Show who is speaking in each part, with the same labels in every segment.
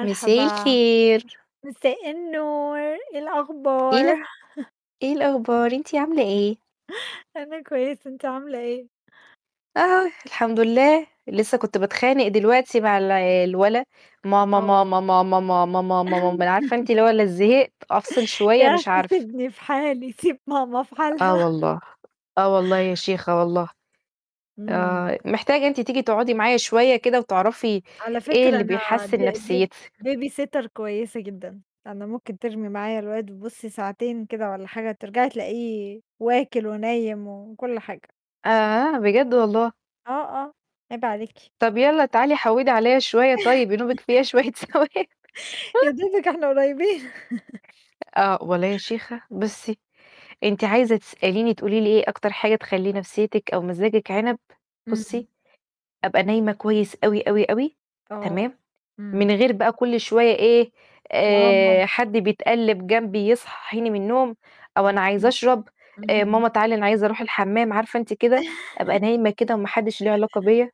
Speaker 1: مساء الخير.
Speaker 2: مساء النور، إيه
Speaker 1: إيه
Speaker 2: الأخبار؟
Speaker 1: الأ إيه الأخبار؟ أنتِ عاملة إيه؟
Speaker 2: أنا كويسة، أنتِ عاملة إيه؟
Speaker 1: آه، الحمد لله، لسّه كنت باتخانق دلوقتي مع الع الولا، ماما،
Speaker 2: آه.
Speaker 1: ماما، ماما، ماما، ماما مام مان عارفة أنتِ اللي هو ال زهقت، أفصل
Speaker 2: يا
Speaker 1: شوية مش
Speaker 2: أخي
Speaker 1: عارفة.
Speaker 2: سيبني في حالي، سيب ماما في
Speaker 1: آه
Speaker 2: حالها.
Speaker 1: والله، آه والله يا شيخة والله.
Speaker 2: إمم.
Speaker 1: آه، محتاجة أنتِ تيجي تقعدي معايا شوية كده، وتعرفي
Speaker 2: على
Speaker 1: إيه
Speaker 2: فكرة
Speaker 1: اللي
Speaker 2: أنا ب
Speaker 1: بيحسّن
Speaker 2: ب
Speaker 1: نفسيِتي.
Speaker 2: baby sitter كويسة جدًا، أنا ممكن ترمي معايا الواد بُصّي ساعتين كده والَّا حاجة، ترجعي تلاقيه واكل ونايم وكُلّ حاجة.
Speaker 1: آآ، بجد والله.
Speaker 2: آه، آه عيب عليكِ.
Speaker 1: طَب يالّا تعالي حوّدِي عليَّ شوية طيب ينوبِك فيها شويّة ثواب.
Speaker 2: يا دوبك إحنا قريبين
Speaker 1: آه. والله يا شيخة بُصّي، أنتِ عايزة تسأليني تقولي لي إيه أكتر حاجة تخلّي نفسيّتِك أو مزاجِك عنب،
Speaker 2: امم.
Speaker 1: بُصّي، أبقى نايمة كويس أوي، أوي، أوي،
Speaker 2: آه،
Speaker 1: تمام؟
Speaker 2: امم.
Speaker 1: من غير بقى كُلّ شوية إيه آآ، حد
Speaker 2: [unintelligible]
Speaker 1: بيتقلّب جنبي يصحّيني من النوم، أو
Speaker 2: امم،
Speaker 1: أنا عايز
Speaker 2: امم.
Speaker 1: أشرب، آآ،
Speaker 2: اهم.
Speaker 1: ماما تعالى أنا عايز أرُوح الحمام، عارفة أنتِ كده، أبقى نايمة كده، وما حدّش له علاقة بيّا،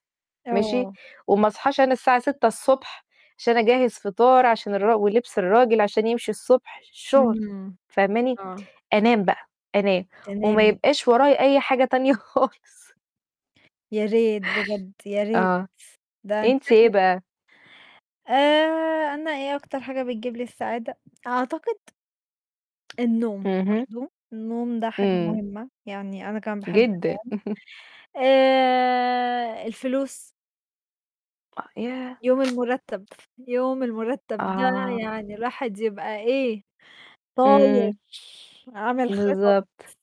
Speaker 1: ماشي؟
Speaker 2: آه.
Speaker 1: وما أصحاش أنا الساعة 06:00 ص عشان أجهّز فطار، عشان الراج ولبس الراجل عشان يمشي الصبح الشغل،
Speaker 2: إمم،
Speaker 1: فاهماني؟
Speaker 2: آه.
Speaker 1: أنام بقى، أنام. وما
Speaker 2: تنامي.
Speaker 1: يبقاش ورايا أي حاجة تانية خالص.
Speaker 2: يا ريت بجد، يا ريت.
Speaker 1: آه،
Speaker 2: ده أنتِ
Speaker 1: أنتِ إيه
Speaker 2: شكلِك
Speaker 1: بقى؟
Speaker 2: آآ، أنا إيه أكتر حاجة بتجيب لي السعادة؟ أعتقد النوم،
Speaker 1: اهم.
Speaker 2: برضه. النوم ده حاجة
Speaker 1: امم.
Speaker 2: مهمة، يعني أنا كمان باحب
Speaker 1: جدًا.
Speaker 2: أنام. آآ، الفلوس
Speaker 1: أ ياه!
Speaker 2: يوم المُرتّب، يوم المُرتّب ده
Speaker 1: آه.
Speaker 2: يعني الواحد يبقى إيه؟ طاير،
Speaker 1: امم.
Speaker 2: عامل خطط.
Speaker 1: بالضبط.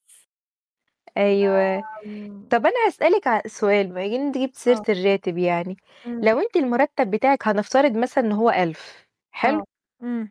Speaker 1: أيوه.
Speaker 2: ب إمم.
Speaker 1: طَب أنا هاسألِك ع سؤال بما إن أنتِ جِبْتِ سيرة
Speaker 2: آه.
Speaker 1: الراتب يعني، لو
Speaker 2: إمم.
Speaker 1: أنتِ المُرتّب بتاعِك هنفترض مثلًا إن هو 1000
Speaker 2: آه،
Speaker 1: حلو؟
Speaker 2: امم.